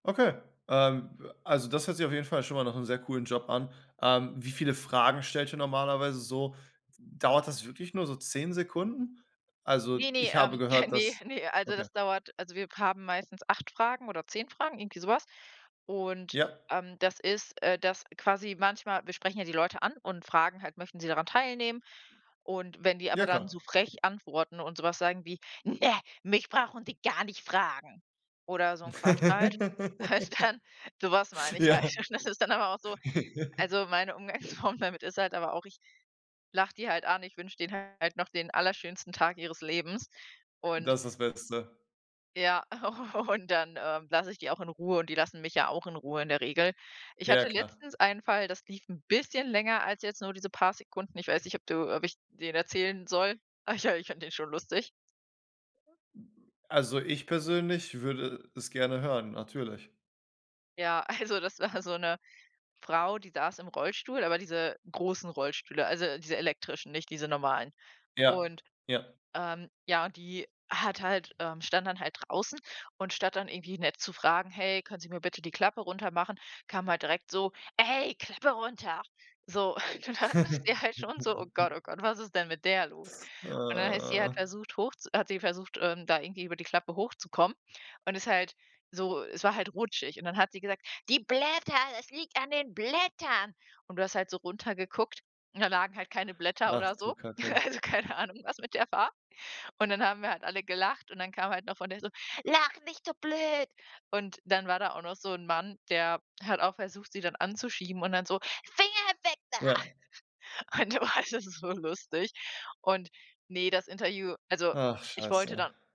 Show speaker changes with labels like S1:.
S1: Okay, ähm, also das hört sich auf jeden Fall schon mal nach 'nem sehr coolen Job an. Ähm, wie viele Fragen stellt ihr normalerweise so? Dauert das wirklich nur so 10 Sekunden? Also
S2: Ne, ne,
S1: ich habe
S2: ähm,
S1: gehört,
S2: ne,
S1: dass
S2: ne, also,
S1: Okay.
S2: das dauert also, wir haben meistens 8 Fragen oder 10 Fragen, irgendwie sowas. Und,
S1: Ja.
S2: ähm, das ist, äh, dass quasi manchmal wir sprechen ja die Leute an und fragen halt: „Möchten Sie daran teilnehmen?“ Und wenn die aber
S1: Ja,
S2: dann so
S1: klar.
S2: frech antworten und sowas sagen wie: „Ne, mich brauchen Sie gar nicht fragen.“ oder so 'n Quatsch halt halt dann sowas meine ich halt,
S1: Ja.
S2: und das ist dann aber auch so also meine Umgangsform damit ist halt aber auch ich lache die halt an, ich wünsche denen halt noch den allerschönsten Tag ihres Lebens, und
S1: Das ist das Beste.
S2: ja, und dann ähm, lasse ich die auch in Ruhe, und die lassen mich ja auch in Ruhe in der Regel. Ich
S1: Ja,
S2: hatte
S1: klar.
S2: letztens einen Fall, das lief 'n bisschen länger als jetzt nur diese paar Sekunden. Ich weiß nicht, ob du ob ich den erzählen soll. Ach ja, ich fand den schon lustig.
S1: Also, ich persönlich würde es gerne hören, natürlich.
S2: Ja, also, das war so 'ne Frau, die saß im Rollstuhl aber diese großen Rollstühle, also, diese elektrischen, nicht diese normalen.
S1: Ja,
S2: Und,
S1: ja.
S2: ähm, ja und die hat halt ähm, stand dann halt draußen und statt dann irgendwie nett zu fragen: „Hey, können Sie mir bitte die Klappe runtermachen“, kam halt direkt so: „Ey, Klappe runter!“ So. Und dann dachte ich halt schon so: „Oh Gott, oh Gott, was ist denn mit der los?“ Und dann ist sie halt versucht, hoch zu hat sie versucht, ähm, da irgendwie über die Klappe hochzukommen, und ist halt so es war halt rutschig, und dann hat sie gesagt: „Die Blätter, das liegt an den Blättern.“ Und du hast halt so runtergeguckt, und da lagen halt keine Blätter
S1: Ach,
S2: oder
S1: du
S2: so.
S1: Kacke.
S2: Also keine Ahnung, was mit der war. Und dann haben wir halt alle gelacht, und dann kam halt noch von der so: „Lacht nicht so blöd!“ Und dann war da auch noch so 'n Mann der hat auch versucht, sie dann anzuschieben und dann so: „Finger weg da!"
S1: Ja.
S2: Und wa [unintelligible] so lustig, und, ne, das Interview also,
S1: Ach,
S2: ich wollte
S1: scheiße.
S2: dann